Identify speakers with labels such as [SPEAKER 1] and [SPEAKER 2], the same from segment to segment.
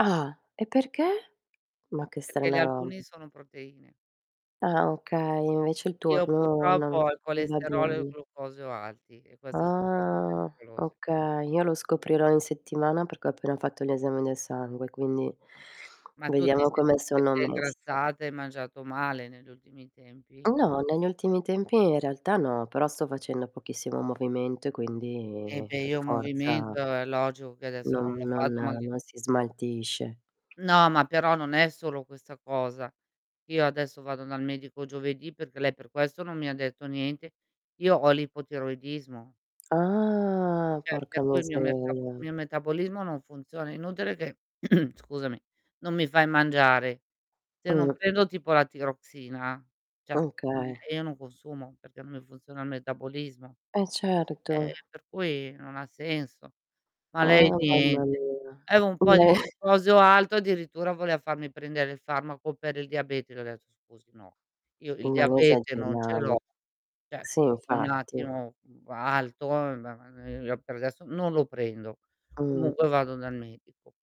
[SPEAKER 1] Ah, e perché? Ma che
[SPEAKER 2] Perché gli
[SPEAKER 1] strana ro
[SPEAKER 2] albuni sono proteine.
[SPEAKER 1] Ah, okay, invece il
[SPEAKER 2] Io
[SPEAKER 1] turno
[SPEAKER 2] purtroppo
[SPEAKER 1] non
[SPEAKER 2] ho il
[SPEAKER 1] non va
[SPEAKER 2] colesterolo e il
[SPEAKER 1] bene.
[SPEAKER 2] glucosio alti e queste son cose
[SPEAKER 1] Ah,
[SPEAKER 2] pericolose.
[SPEAKER 1] okay. Io lo scoprirò in settimana perché ho appena fatto gli esami del sangue, quindi
[SPEAKER 2] Ma ma tu ti
[SPEAKER 1] vediamo
[SPEAKER 2] senti
[SPEAKER 1] come
[SPEAKER 2] che
[SPEAKER 1] sono
[SPEAKER 2] sei
[SPEAKER 1] messa.
[SPEAKER 2] ingrassata e hai mangiato male negli ultimi tempi?
[SPEAKER 1] No negli ultimi tempi in realtà no, però sto facendo pochissimo movimento e
[SPEAKER 2] Eh,
[SPEAKER 1] quindi
[SPEAKER 2] beh,
[SPEAKER 1] per
[SPEAKER 2] io movimento
[SPEAKER 1] forza
[SPEAKER 2] è logico che adesso non
[SPEAKER 1] non, mhmm,
[SPEAKER 2] l'ho
[SPEAKER 1] non
[SPEAKER 2] fatto
[SPEAKER 1] non si
[SPEAKER 2] [unintelligible]
[SPEAKER 1] smaltisce.
[SPEAKER 2] No, ma però non è solo questa cosa. Io adesso vado dal medico giovedì, perché lei per questo non mi ha detto niente. Io ho l'ipotiroidismo.
[SPEAKER 1] Ah,
[SPEAKER 2] Cioè,
[SPEAKER 1] porca
[SPEAKER 2] per cui il mio mercabo
[SPEAKER 1] miseria.
[SPEAKER 2] mio metabolismo non funziona, è inutile che scusami, non mi fai mangiare. Se non
[SPEAKER 1] Mh.
[SPEAKER 2] prendo tipo la Tiroxina, cioè,
[SPEAKER 1] C
[SPEAKER 2] ehm,
[SPEAKER 1] okay.
[SPEAKER 2] io non consumo, perché non mi funziona il metabolismo.
[SPEAKER 1] Eh,
[SPEAKER 2] Eh
[SPEAKER 1] certo.
[SPEAKER 2] per cui non ha senso. Ma lei
[SPEAKER 1] Ah, mamma
[SPEAKER 2] niente.
[SPEAKER 1] mia.
[SPEAKER 2] Avevo un po' di
[SPEAKER 1] Beh!
[SPEAKER 2] glucosio alto, addirittura voleva farmi prendere il farmaco per il diabete. Gli ho detto: "Scusi, no, io il
[SPEAKER 1] Non
[SPEAKER 2] diabete non ce l'ho".
[SPEAKER 1] esageriamo.
[SPEAKER 2] Cioè
[SPEAKER 1] Sì,
[SPEAKER 2] un
[SPEAKER 1] infatti.
[SPEAKER 2] attimo alto, ma, ehm, per adesso non lo prendo.
[SPEAKER 1] Mh.
[SPEAKER 2] Comunque vado dal medico.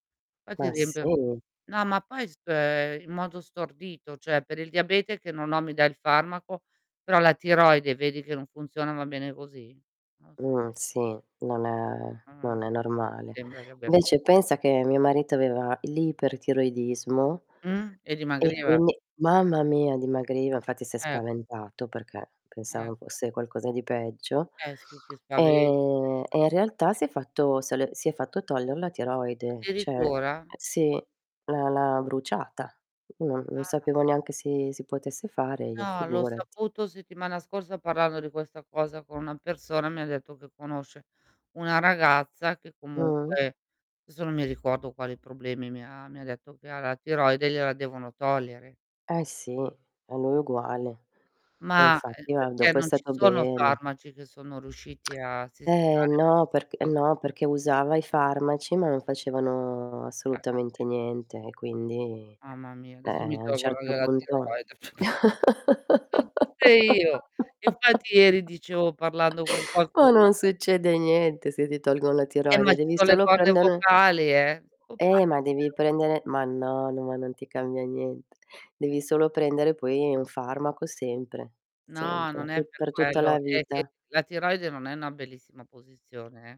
[SPEAKER 2] Qua ti
[SPEAKER 1] Ma
[SPEAKER 2] riempio
[SPEAKER 1] sì.
[SPEAKER 2] no, ma poi spe in modo stordito, cioè per il diabete che non ho mi dà il farmaco, però la tiroide vedi che non funziona, va bene così? Non
[SPEAKER 1] Mhmm,
[SPEAKER 2] si
[SPEAKER 1] sì, non è
[SPEAKER 2] Ah-ah.
[SPEAKER 1] non è normale.
[SPEAKER 2] Sembra che abbia se
[SPEAKER 1] Vece pensa che mio marito aveva l'ipertiroidismo
[SPEAKER 2] Mh, e
[SPEAKER 1] e
[SPEAKER 2] dimagriva?
[SPEAKER 1] quindi, mamma mia, dimagriva. Infatti si è
[SPEAKER 2] Eh.
[SPEAKER 1] spaventato perché pensava
[SPEAKER 2] Ecco.
[SPEAKER 1] fosse qualcosa di peggio,
[SPEAKER 2] Eh, sì, ti spaventi
[SPEAKER 1] ehm, e in realtà
[SPEAKER 2] [unintelligible]
[SPEAKER 1] si è fatto se l si è fatto togliere la tiroide, cioè eh
[SPEAKER 2] Addirittura?
[SPEAKER 1] sì, l'ha l'ha bruciata. Non non
[SPEAKER 2] Ah.
[SPEAKER 1] sapevo neanche si si potesse fare io
[SPEAKER 2] No, l'ho
[SPEAKER 1] figurati.
[SPEAKER 2] saputo settimana scorsa parlando di questa cosa con una persona. Mi ha detto che conosce una ragazza, che
[SPEAKER 1] Mh.
[SPEAKER 2] comunque desso non mi ricordo quali problemi mi ha mi ha detto che ha la tiroide, gliela devono togliere.
[SPEAKER 1] Eh sì, a lui uguale. E
[SPEAKER 2] Ma é
[SPEAKER 1] infatti ma
[SPEAKER 2] perché
[SPEAKER 1] dopo è
[SPEAKER 2] non ci
[SPEAKER 1] stato
[SPEAKER 2] sono
[SPEAKER 1] bene.
[SPEAKER 2] farmaci che sono riusciti a
[SPEAKER 1] Eh,
[SPEAKER 2] sistemare
[SPEAKER 1] no, perc
[SPEAKER 2] [unintelligible]
[SPEAKER 1] no, perché usava i farmaci ma non facevano
[SPEAKER 2] Caspita.
[SPEAKER 1] assolutamente niente e quindi
[SPEAKER 2] Mamma mia,
[SPEAKER 1] eh-eh,
[SPEAKER 2] adesso mi
[SPEAKER 1] a un
[SPEAKER 2] tolgono
[SPEAKER 1] certo
[SPEAKER 2] anche la
[SPEAKER 1] punto
[SPEAKER 2] tiroide. Ce l'ho tutte io. Infatti ieri dicevo parlando con
[SPEAKER 1] ma
[SPEAKER 2] qualcuno
[SPEAKER 1] non succede niente se ti tolgono la
[SPEAKER 2] Eh, ma
[SPEAKER 1] tiroide,
[SPEAKER 2] ci
[SPEAKER 1] devi
[SPEAKER 2] son le
[SPEAKER 1] solo
[SPEAKER 2] corde
[SPEAKER 1] prendere
[SPEAKER 2] vocali, eh. Non
[SPEAKER 1] Eh,
[SPEAKER 2] parli
[SPEAKER 1] ma devi
[SPEAKER 2] più.
[SPEAKER 1] prendere ma no, no, ma non ti cambia niente. Devi solo prendere poi un farmaco sempre,
[SPEAKER 2] No,
[SPEAKER 1] sempre,
[SPEAKER 2] non
[SPEAKER 1] tu
[SPEAKER 2] è per
[SPEAKER 1] per tutta
[SPEAKER 2] quello
[SPEAKER 1] la
[SPEAKER 2] è che
[SPEAKER 1] vita.
[SPEAKER 2] la tiroide non è una bellissima posizione, eh.